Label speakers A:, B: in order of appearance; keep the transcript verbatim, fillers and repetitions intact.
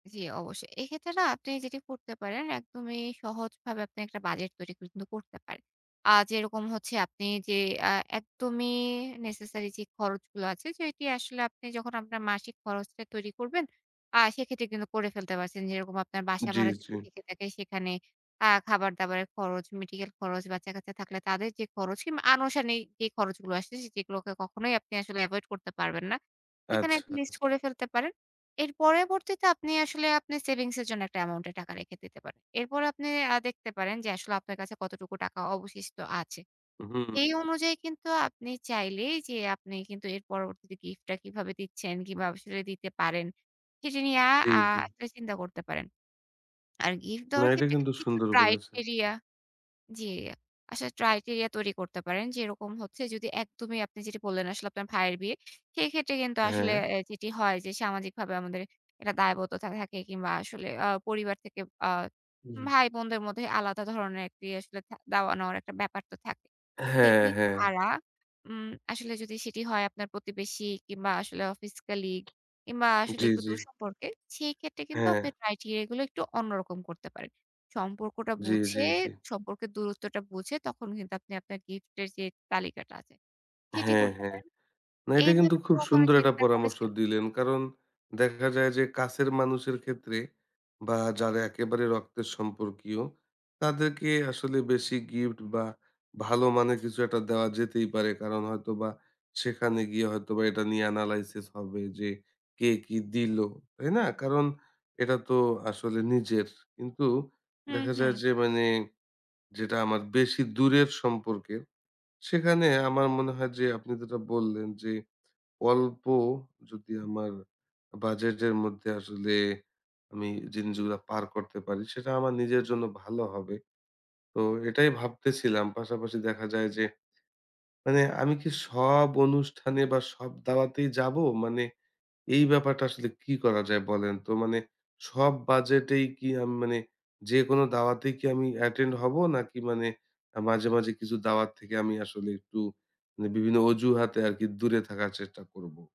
A: জি, অবশ্যই। এইক্ষেত্রে না আপনি যেটি করতে পারেন, একদমই সহজভাবে আপনি একটা বাজেট তৈরি কিন্তু করতে পারেন। আ যেরকম হচ্ছে, আপনি যে আ একদমই নেসেসারি যে খরচ গুলা আছে, সেটি আসলে আপনি যখন আপনার মাসিক খরচটা তৈরি করবেন, আ সেক্ষেত্রে কিন্তু করে ফেলতে পারছেন। যেরকম আপনার বাসা
B: জি,
A: ভাড়া যদি
B: জি।
A: থেকে থাকে, সেখানে আ খাবার-দাবারের খরচ, মেডিকেল খরচ, বাচ্চা-কাচ্চা থাকলে তাদের যে খরচ কিংবা আনুষঙ্গিক যে খরচগুলো আসে, যেগুলোকে কখনোই আপনি আসলে এভয়েড করতে পারবেন না। এখানে
B: আচ্ছা,
A: একটা লিস্ট
B: আচ্ছা।
A: করে ফেলতে পারেন। এর পরেরবর্তীতে আপনি আসলে আপনার সেভিংস এর জন্য একটা অ্যামাউন্টে টাকা রেখে দিতে পারেন। এরপর আপনি আ দেখতে পারেন যে আসলে আপনার কাছে কতটুকু টাকা অবশিষ্ট আছে।
B: হুম,
A: এই
B: হু।
A: অনুযায়ী কিন্তু আপনি চাইলেই যে, আপনি কিন্তু এর পরবর্তীতে গিফট টা কিভাবে দিচ্ছেন, কিংবা সেটা দিতে পারেন, সেটি নিয়ে আ
B: জি,
A: আ
B: জি।
A: একটা চিন্তা করতে পারেন। আর গিফট
B: না,
A: দেওয়ার
B: এটা
A: ক্ষেত্রে
B: কিন্তু
A: কিন্তু কিছু
B: সুন্দর বলেছেন
A: criteria
B: আপনি।
A: জি আসলে ট্রয়টেরিয়া তৈরি করতে পারেন। যেরকম হচ্ছে, যদি একদমই আপনি যেটি বললেন, আসলে আপনার ভাইয়ের বিয়ে। সেইক্ষেত্রে কিন্তু আসলে
B: হ্যাঁ।
A: অ্যা যেটি হয় যে, সামাজিকভাবে আমাদের একটা দায়বদ্ধতা থাকে। কিংবা আসলে আ পরিবার থেকে আ
B: জি।
A: ভাই বোনদের মধ্যে আলাদা ধরনের একটি আসলে থা দেওয়া-নেওয়ার একটা ব্যাপার তো থাকে।
B: হ্যাঁ,
A: সেটি
B: হ্যাঁ।
A: ছাড়া উম আসলে যদি সেটি হয় আপনার প্রতিবেশী কিংবা আসলে অফিস কলিগ, কিংবা আসলে
B: জি,
A: একটু
B: জি।
A: দূর সম্পর্কে, সেই ক্ষেত্রে কিন্তু
B: হ্যাঁ।
A: আপনার criteria গুলো একটু অন্যরকম করতে পারেন। সম্পর্কটা
B: জি, জি,
A: বুঝে,
B: জি।
A: সম্পর্কের দূরত্বটা বুঝে, তখন কিন্তু আপনি আপনার গিফট এর যে তালিকাটা আছে, সেটি
B: হ্যাঁ,
A: করতে
B: হ্যাঁ।
A: পারেন।
B: না, এটা কিন্তু
A: এইভাবে কি
B: খুব
A: কখনো
B: সুন্দর একটা
A: চিন্তা
B: পরামর্শ
A: করেছেন?
B: দিলেন। কারণ দেখা যায় যে কাছের মানুষের ক্ষেত্রে, বা যারা একেবারে রক্তের সম্পর্কীয়, তাদেরকে আসলে বেশি গিফট বা ভালো মানের কিছু একটা দেওয়া যেতেই পারে। কারণ হয়তো বা সেখানে গিয়ে হয়তো বা এটা নিয়ে analysis হবে যে কে কি দিলো। তাই না? কারণ এটা তো আসলে নিজের। কিন্তু
A: হু,
B: দেখা যায়
A: হু।
B: যে, মানে যেটা আমার বেশি দূরের সম্পর্কের, সেখানে আমার মনে হয় যে আপনি যেটা বললেন, যে অল্প যদি আমার বাজেটের মধ্যে আসলে আমি জিনজুয়া পার করতে পারি, সেটা আমার নিজের জন্য ভালো হবে। তো এটাই ভাবতেছিলাম। পাশাপাশি দেখা যায় যে, মানে আমি কি সব অনুষ্ঠানে বা সব দাওয়াতেই যাব? মানে এই ব্যাপারটা আসলে কি করা যায় বলেন তো? মানে সব বাজেটেই কি, আম মানে যেকোন দাওয়াতেই কি আমি অ্যাটেন্ড হব? নাকি মানে আ মাঝে, মাঝে কিছু দাওয়াত থেকে আমি আসলে একটু মানে বিভিন্ন অজুহাতে আরকি দূরে থাকার চেষ্টা করব?